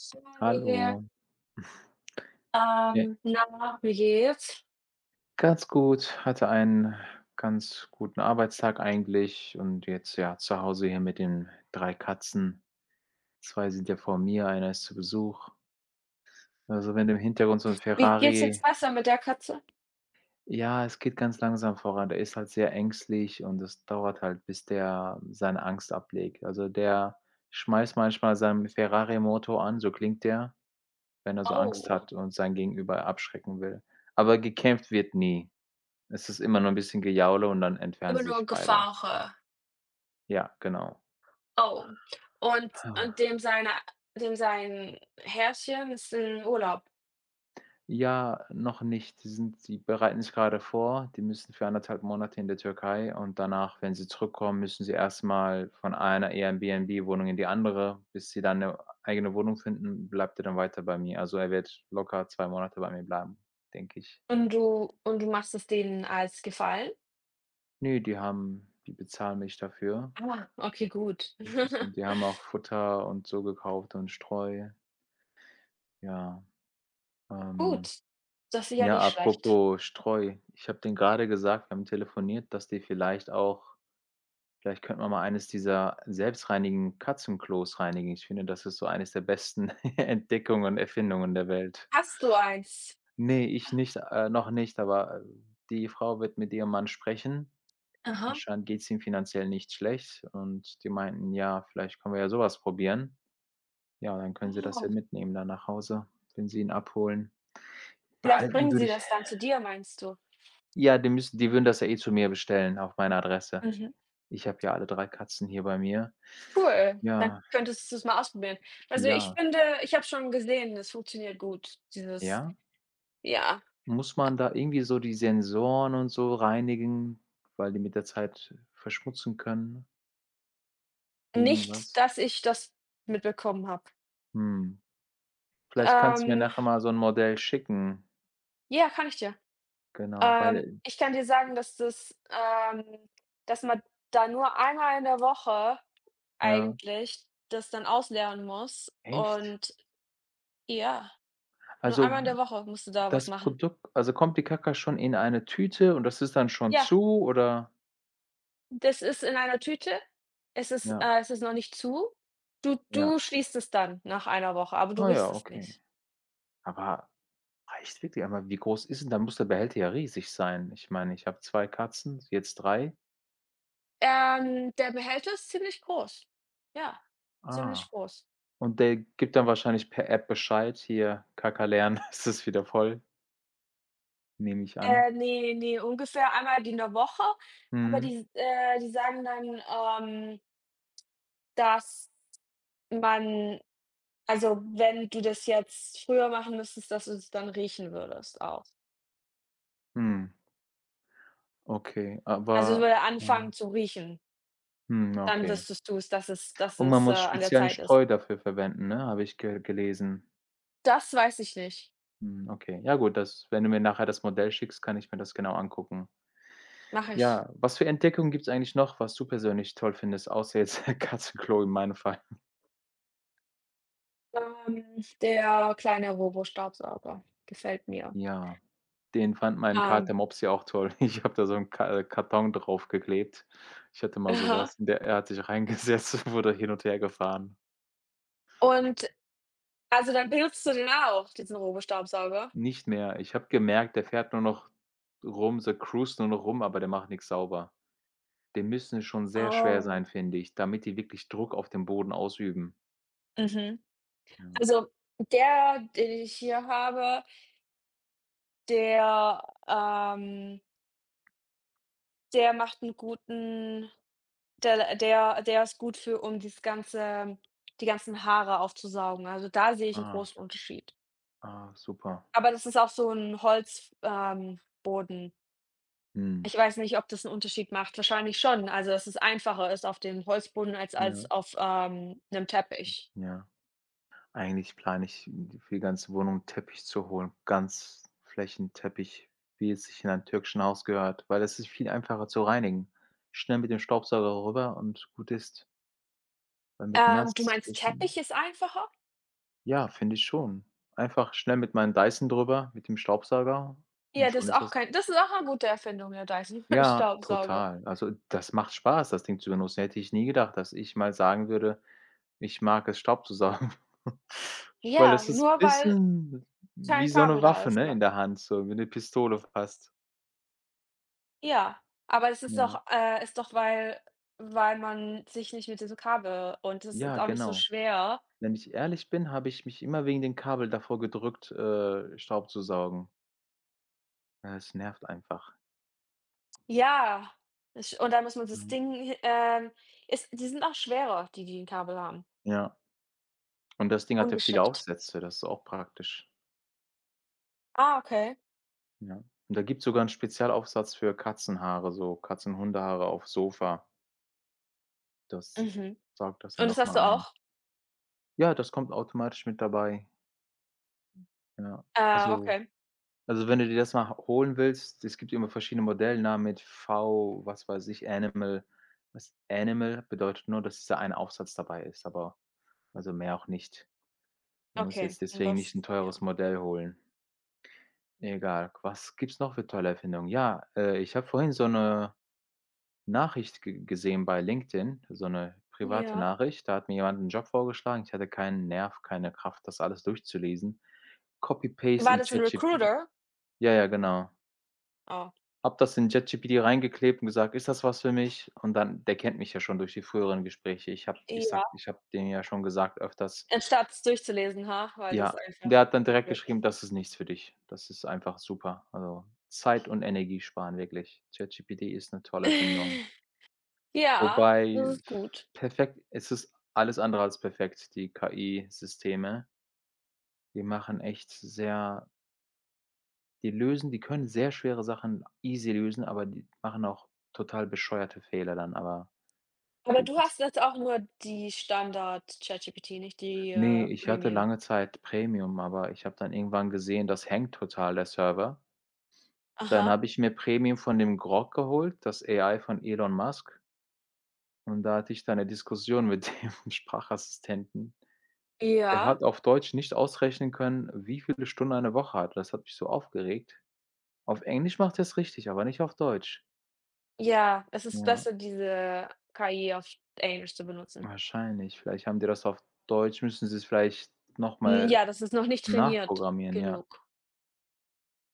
[unintelligible] Hier. Hallo. Äh. Ähm, na, wie geht's? Ganz gut, hatte einen ganz guten Arbeitstag eigentlich und jetzt, ja, zu Hause hier mit den 3 Katzen. 2 sind ja vor mir, einer ist zu Besuch. Also, wenn im Hintergrund so 'n Wie geht's jetzt Ferrari besser mit der Katze? Ja, es geht ganz langsam voran. Der ist halt sehr ängstlich und es dauert halt, bis der seine Angst ablegt. Also, der schmeißt manchmal seinen Ferrari-Motor an, so klingt der, wenn er so Angst Oh. hat und sein Gegenüber abschrecken will. Aber gekämpft wird nie. Es ist immer nur 'n bisschen Gejaule und dann entfernen Immer sie nur sich beide. Gefauche. Ja, genau. Oh, und und dem seiner dem sein Herrchen ist im Urlaub? Ja, noch nicht. Sie sind sie bereiten sich gerade vor, die müssen für 1 1/2 Monate in der Türkei und danach, wenn sie zurückkommen, müssen sie erstmal von einer Airbnb-Wohnung in die andere, bis sie dann 'ne eigene Wohnung finden, bleibt er dann weiter bei mir. Also, er wird locker 2 Monate bei mir bleiben, denke ich. Und du und du machst es denen als Gefallen? Ne, die haben die bezahlen mich dafür. Ah, okay, gut. Das ist und die haben auch Futter und so gekauft und Streu. Ja. Ähm, Gut. Das ist ja ja, nicht schlecht. apropos Streu, ich habe denen gerade gesagt, wir haben telefoniert, dass die vielleicht auch: „Vielleicht könnten wir mal eines dieser selbstreinigenden Katzenklos reinigen.“ Ich finde, das ist so eines der besten Entdeckungen Erfindungen der Welt. Hast du eins? Ne, ich nicht, äh, noch nicht, aber die Frau wird mit ihrem Mann sprechen. Aha. Anscheinend geht's ihm finanziell nicht schlecht und die meinten: „Ja, vielleicht können wir ja sowas probieren.“ Ja, und dann können sie das ja Oh. mitnehmen, dann nach Hause, wenn sie ihn abholen. Vielleicht Behalten bringen würde sie ich das dann zu dir, meinst du? Ja, die müssten die würden das ja eh zu mir bestellen, auch meine Adresse. Mhm. Ich habe ja alle 3 Katzen hier bei mir. Cool. Dann Ja. könntest du's mal ausprobieren. Also, ich Ja. finde ich habe es schon gesehen, das funktioniert gut, dieses, Ja? ja. Muss man da irgendwie so die Sensoren und so reinigen, weil die mit der Zeit verschmutzen können? Nicht, Irgendwas. dass ich das mitbekommen habe. Mhm. Vielleicht kannst du mir Ähm. nachher mal so 'n Modell schicken. Ja, kann ich dir Genau, Ähm, weil ich kann dir sagen, dass das ähm, dass man da nur einmal in der Woche Ja. eigentlich das dann ausleeren muss Echt? und ja. Nur Also, einmal in der Woche musst du da was das machen. Produkt also, kommt die Kacka schon in eine Tüte, und das ist dann schon Ja. zu, oder? Das ist in einer Tüte. Es ist, Ja. äh es ist noch nicht zu. Du Ja. du schließt es dann nach 1 Woche, aber du Ah riechst ja, es okay. nicht. Aber reicht wirklich? Aber wie groß ist denn dann muss der Behälter ja riesig sein. Ich meine, ich habe 2 Katzen, jetzt 3. Ähm, der Behälter ist ziemlich groß. Ja, Ah, ziemlich groß. und der gibt dann wahrscheinlich per App Bescheid: „Hier, Kacka leeren, es ist wieder voll." Nehme ich an. Äh, ne, ne, ungefähr einmal die in der Woche, aber Mhm. die s äh, die sagen dann ähm dass man also wenn du das jetzt früher machen müsstest, dass du es dann riechen würdest auch. Mhm. Okay, Also, aber würde anfangen ja. zu riechen? Mhm, Dann okay. wüsstest du es, dass es dass Und man es, äh, muss an der speziellen Zeit ist Streu dafür verwenden, ne, habe ich ge gelesen. Das weiß ich nicht. Mhm, okay. Ja gut, das wenn du mir nachher das Modell schickst, kann ich mir das genau angucken. Mache ich. Ja, was für Entdeckungen gibt's eigentlich noch, was du persönlich toll findest, außer jetzt Katzenklo in meinem Fall? Ähm, der kleine Robo-Staubsauger, gefällt mir. Ja. Den fand mein Kater Ähm. Mops ja auch toll. Ich habe da so 'n Ka Karton draufgeklebt. Ich hatte mal Aha. sowas und der er hat sich reingesetzt und wurde hin und hergefahren. Und, also, dann benutzt du den auch, diesen Robo-Staubsauger? Nicht mehr. Ich habe gemerkt, der fährt nur noch rum, so cruised nur noch rum, aber der macht nichts sauber. Die müssen schon sehr schwer Oh. sein, finde ich, damit die wirklich Druck auf dem Boden ausüben. Mhm, Ja. also, der, den ich hier habe der, ähm der macht 'nen guten der der der ist gut für um das ganze die ganzen Haare aufzusaugen. Also, da sehe ich 'n Ah. großen Unterschied. Ah super. Aber das ist auch so 'n Holz ähm, Boden. Mhm. Ich weiß nicht, ob das 'n Unterschied macht, wahrscheinlich schon. Also, dass es einfacher ist auf dem Holzboden als Ja. als auf, ähm, 'nem Teppich. Ja. Eigentlich plane ich, für die ganze Wohnung Teppich zu holen. Ganz Flächenteppich, wie es sich in einem türkischen Haus gehört, weil es ist viel einfacher zu reinigen, schnell mit dem Staubsauger rüber und gut ist. Weil mit Ähm, du nass meinst, wischen Teppich ist einfacher? Ja, finde ich schon. Einfach schnell mit meinem Dyson drüber, mit dem Staubsauger, und Ja, das schon ist ist auch das kein das ist auch 'ne gute Erfindung, der Dyson Ja, Staubsauger. total. Also, das macht Spaß, das Ding zu benutzen, hätte ich nie gedacht, dass ich mal sagen würde, ich mag es Staub zu saugen. Weil Ja, es ist nur weil, bisschen wie kein so Kabel 'ne da Waffe, ist, ne, aber. in der Hand, so wie 'ne Pistole fast. Ja, aber es ist Ja. doch äh, ist doch, weil weil man sich nicht mit diesem Kabel und das Ja, ist auch nicht so genau. schwer. Wenn ich ehrlich bin, habe ich mich immer wegen dem Kabel davor gedrückt, äh, Staub zu saugen. Ja, es nervt einfach. Ja, ich und dann muss man das Mhm. Ding hi ähm ist die sind auch schwerer, die, die 'n Kabel haben. Ja. Und das Ding hat ja viele Ungeschickt. Aufsätze, das ist auch praktisch. Ah, okay. Ja, und da gibt's sogar 'nen Spezialaufsatz für Katzenhaare, so Katzen Hundehaare auf Sofa. Das Mhm. saugt das dann Und das hast du nochmal ein. auch? Ja, das kommt automatisch mit dabei. Ja, Ah, also okay. also wenn du dir das mal h holen willst, es gibt immer verschiedene Modellnamen mit V was weiß ich, Animal. Das Animal bedeutet nur, dass dieser eine Aufsatz dabei ist, aber also mehr auch nicht. Man muss Okay, jetzt und deswegen das nicht 'n ja. teures Modell holen. Egal, was gibt es noch für tolle Erfindungen? Ja, äh, ich habe vorhin so 'ne Nachricht ge gesehen bei LinkedIn, so 'ne private Ja. Nachricht, da hat mir jemand 'nen Job vorgeschlagen. Ich hatte keinen Nerv, keine Kraft, das alles durchzulesen, copy-paste War in das 'n ChatGPT Recruiter? ja, ja, genau. Ah. Habe das in ChatGPT reingeklebt und gesagt, ist das was für mich? Und dann der kennt mich ja schon durch die früheren Gespräche. Ich habe ich sage Ja. ich habe den ja schon gesagt öfters Anstatt es durchzulesen, ha? Weil das Ja, einfach der hat dann zu direkt blöd ist. geschrieben, das ist nichts für dich. Das ist einfach super. Also, Zeit und Energie sparen wirklich. ChatGPT ist 'ne tolle Erfindung. Ja, das Wobei, ist gut. perfekt, es ist alles andere als perfekt, die KI-Systeme. Die machen echt sehr die lösen die können sehr schwere Sachen easy lösen, aber die machen auch total bescheuerte Fehler dann aber. Aber Gut, du das hast jetzt auch nur die Standard-ChatGPT, nicht die, Ne, äh, ich hatte Premium? lange Zeit Premium, aber ich habe dann irgendwann gesehen, das hängt total, der Server. Dann Aha. habe ich mir Premium von dem Grok geholt, das AI von Elon Musk und da hatte ich dann 'ne Diskussion mit dem Sprachassistenten. Der Ja. hat auf Deutsch nicht ausrechnen können, wie viele Stunden eine Woche hat. Das hat mich so aufgeregt. Auf Englisch macht er es richtig, aber nicht auf Deutsch. Ja, es ist Ja. besser, diese KI auf sch Englisch zu benutzen. Wahrscheinlich. Vielleicht haben die das auf Deutsch, müssten sie's vielleicht Mhm, nochmal ja, das ist noch nicht trainiert nachprogrammieren, ja. genug.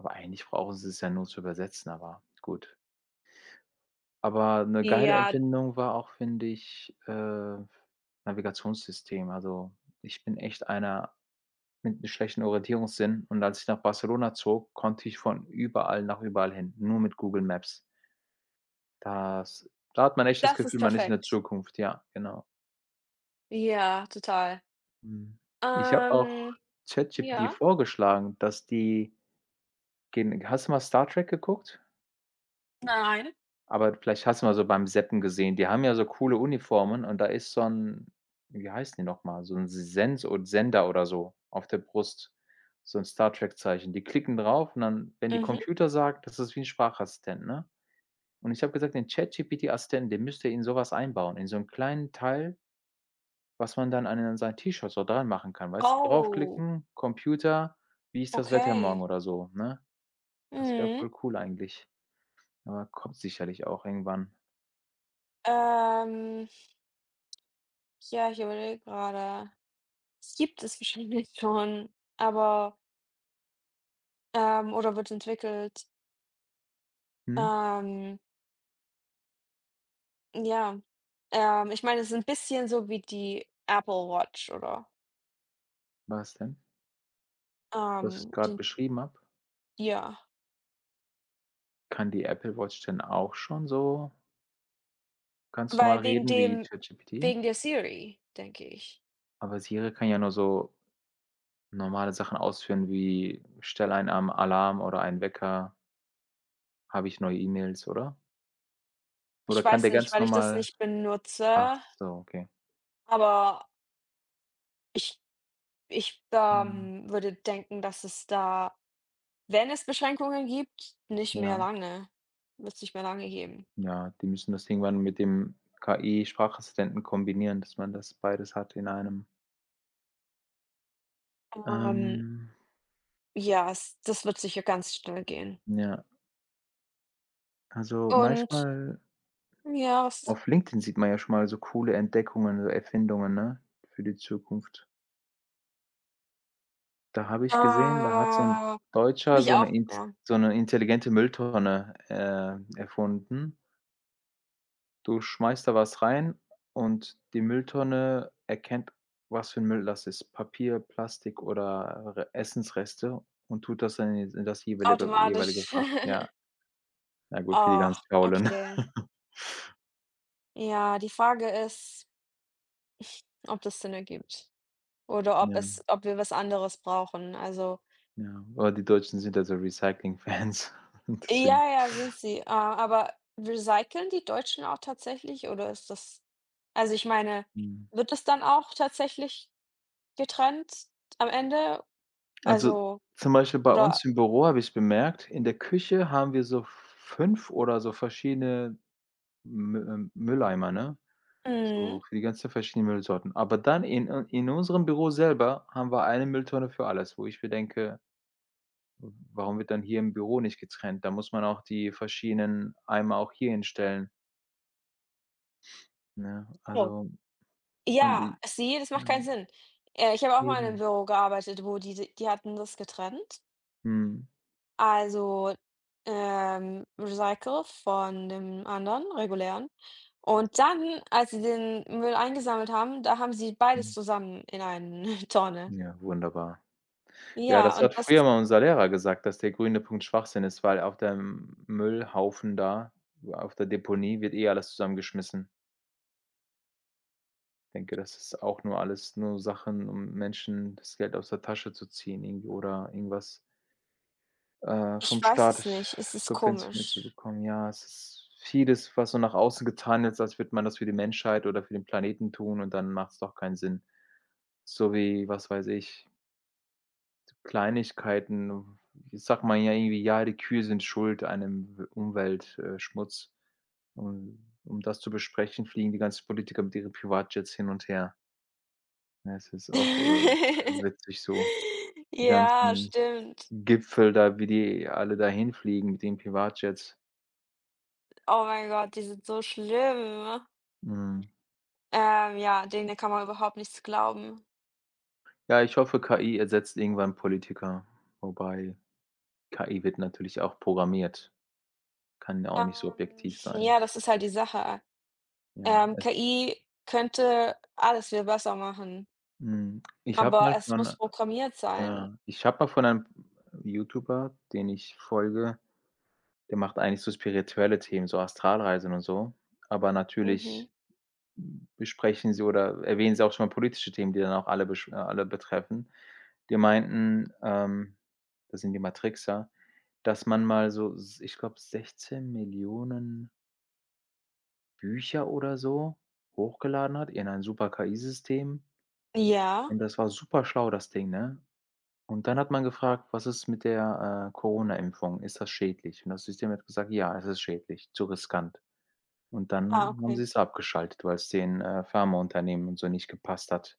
Aber eigentlich brauchen sie's ja nur zu übersetzen, aber gut. Aber 'ne geile Ja. Erfindung war auch, finde ich, äh, Navigationssystem. Also, ich bin echt einer mit'm schlechten Orientierungssinn und als ich nach Barcelona zog, konnte ich von überall nach überall hin, nur mit Google Maps. Das da hat man echt das Das Gefühl, ist man ist in der perfekt. Zukunft, ja, genau. Ja, total. Mhm. Ich habe auch Ähm ChatGPT ja? vorgeschlagen, dass die gen hast du mal Star Trek geguckt? Nein. Aber d vielleicht hast du mal so beim Zappen gesehen. Die haben ja so coole Uniformen und da ist so 'n wie heißen die nochmal, so 'n S Sens od Sender oder so auf der Brust, so 'n Star Trek-Zeichen. Die klicken drauf und dann, wenn die Mhm. „Computer“ sagt, das ist wie 'n Sprachassistent, ne? Und ich habe gesagt: „Den ChatGPT-Assistenten, den müsst ihr in sowas einbauen, in so 'm kleinen Teil“ „was man dann an den sein T-Shirt so dran machen kann“, weißt du, Oh. draufklicken: „Computer, wie ist das Wetter morgen?“ Okay. oder so, ne? Das wär Mhm. voll cool eigentlich. Aber, kommt sicherlich auch irgendwann. Ähm. Ja, ich überlege gerade. Das gibt es wahrscheinlich schon, aber ähm, oder wird entwickelt. Mhm. Ähm. Ja, ähm, ich meine, es ist 'n bisschen so wie die Apple-Watch, oder? Was denn? Was ich Ähm, gerade den beschrieben habe? Ja. Kann die Apple-Watch denn auch schon so ganz normal Weil wegen reden wie dem Chat-GPT? wegen der Siri, denke ich. Aber Siri kann ja nur so, normale Sachen ausführen, wie: „Stell einen Arm Alarm oder einen Wecker“ „habe ich neue E-Mails“, oder? Oder Ich kann weiß der nicht, ganz weil ich das normal nicht ach benutze so, okay. aber ich ich, Mhm. ähm, würde denken, dass es da, wenn es Beschränkungen gibt, nicht mehr Ja. lange wird es nicht mehr lange geben. Ja, die müssen das irgendwann mit dem KI-Sprachassistenten kombinieren, dass man das beides hat in einem. Ähm. Ähm. Ja s das wird sicher ganz schnell gehen. Ja. Also, Und manchmal Ja, s s Auf LinkedIn sieht man ja schon mal so coole Entdeckungen und Erfindungen, ne, für die Zukunft. Da habe ich gesehen, da hat so 'n Oh, habe Deutscher ich so 'ne auch, int ja. so 'ne intelligente Mülltonne, äh, erfunden. Du schmeißt da was rein, und die Mülltonne erkennt, was für 'n Müll das ist. Papier, Plastik oder Essensreste und tut das dann in d in das jeweilige jeweilige Automatisch. Fach, ja. Na gut, für die ganz Ach, Faulen. okay. Ja, die Frage ist, ob das Sinn ergibt. Oder ob Ja. es ob wir was anderes brauchen, also. Ja, aber die Deutschen sind ja so Recycling Fans und deswegen. Ja, ja, sind sie. Äh, aber recyceln die Deutschen auch tatsächlich oder ist das also ich meine, Mhm. wird das dann auch tatsächlich getrennt am Ende? Also, Also, zum Beispiel bei oder uns im Büro habe ich bemerkt, in der Küche haben wir so 5 oder so verschiedene Mü äh, Mülleimer, ne, so Mhm. für die ganzen verschiedenen Müllsorten. Aber dann in äh, in unserem Büro selber haben wir 1 Mülltonne für alles, wo ich mir denke: W warum wird dann hier im Büro nicht getrennt? Da muss man auch die verschiedenen Eimer auch hier hinstellen. Ja, Oh. also und Ja, die sie das ja. macht keinen Sinn, äh, ich habe auch mal in 'nem Eben. Büro gearbeitet, wo die die die hatten das getrennt. Mhm. Also, ähm, recyclet von dem anderen regulären. Und dann, als sie den Müll eingesammelt haben, da haben sie beides Mhm. zusammen in eine Tonne. Ja, wunderbar. Ja, Ja, das und hat das früher mal unser Lehrer gesagt, dass der grüne Punkt Schwachsinn ist, weil auf dem Müllhaufen da auf der Deponie wird eh alles zusammengeschmissen. Denke, das ist auch nur alles nur Sachen, um Menschen das Geld aus der Tasche zu ziehen, irgendwie oder irgendwas äh, Ich vom weiß Staat es nicht, es ist subventioniert zu komisch. bekommen. Ja, es ist vieles, was so nach außen getan wird, als würde man das für die Menschheit oder für den Planeten tun und dann macht's doch keinen Sinn. So wie, was weiß ich Kleinigkeiten, w sagt man ja irgendwie: „Ja, die Kühe sind Schuld an 'nem w Umwelt äh, Schmutz“. Und um das zu besprechen, fliegen die ganzen Politiker mit ihren Privatjets hin und her. Ja, es ist auch, äh, witzig so. Die Ja, ganzen stimmt. Gipfel da, wie die alle da hinfliegen, mit den Privatjets. Oh mein Gott, die sind so schlimm. Mhm. Ähm, ja, den denen kann man überhaupt nichts glauben. Ja, ich hoffe, KI ersetzt irgendwann Politiker, wobei, KI wird natürlich auch programmiert. Kann ja auch nicht so Ähm, objektiv sein. ja, das ist halt die Sache. Ja, Ähm, es KI könnte alles viel besser machen Mhm, ich habe aber mal es muss von programmiert sein. ja, ich habe mal von einem YouTuber, den ich folge Der macht eigentlich so spirituelle Themen, so Astralreisen und so. Aber Mhm. natürlich besprechen sie oder erwähnen sie auch schon mal politische Themen, die dann auch alle besch äh, alle betreffen. Die meinten, ähm das sind die Matrixer, dass man mal so s ich glaube 16.000.000 Bücher oder so hochgeladen hat in ein super KI-System. Ja? Und das war super schlau, das Ding, ne? Und dann hat man gefragt: „Was ist mit der, äh, Corona-Impfung? Ist das schädlich?‟ Und das System hat gesagt: „Ja, es ist schädlich, zu riskant.‟ Und Ah, dann haben sie okay. es abgeschaltet, weil es den, äh, Pharmaunternehmen und so nicht gepasst hat.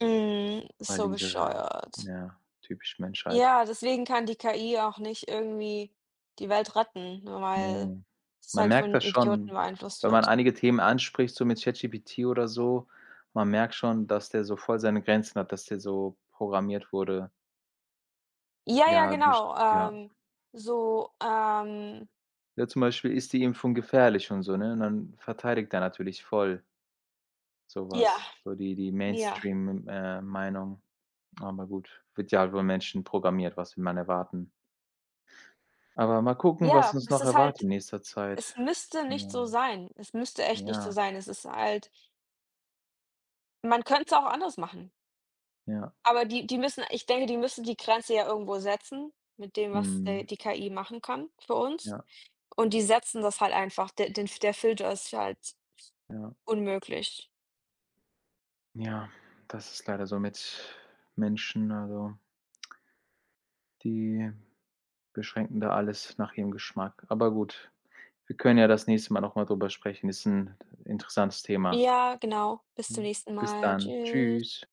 Mhm, Weil so diese ja bescheuert. ja typisch Menschheit. Ja, deswegen kann die KI auch nicht irgendwie die Welt retten, ne, weil Mhm. es Man halt von merkt das schon, Idioten beeinflusst wenn man wird. einige Themen anspricht, so mit ChatGPT oder so, man merkt schon, dass der so voll seine Grenzen hat, dass der so programmiert wurde. Ja, ja, Ja, best genau. ja. Ähm, so, ähm Ja zum Beispiel: „Ist die Impfung gefährlich?“ Und so, ne, und dann verteidigt er natürlich voll. Ja. Sowas, so die die Ja. Mainstream, M ,äh, Meinung. Aber gut, wird ja halt von Menschen programmiert, was will man erwarten. Aber mal gucken, was Ja, uns es noch ist erwartet halt in nächster es Zeit. müsste nicht Ja. so sein. Es müsste echt nicht so Ja. sein. Es ist halt man könnte es auch anders machen. Ja. Aber die die müssen ich denke, die müssen die Grenze ja irgendwo setzen, mit dem, was, äh, Mhm. die KI machen kann für uns Ja. und die setzen das halt einfach de den der Filter ist halt Ja. unmöglich. Ja, das ist leider so mit Menschen, also, die beschränken da alles nach ihrem Geschmack. Aber gut, wir können ja das nächste Mal nochmal darüber sprechen. Ist 'n interessantes Thema. Ja, genau. Bis zum Mhm. nächsten Bis Mal. dann. Tschüss. Tschüss.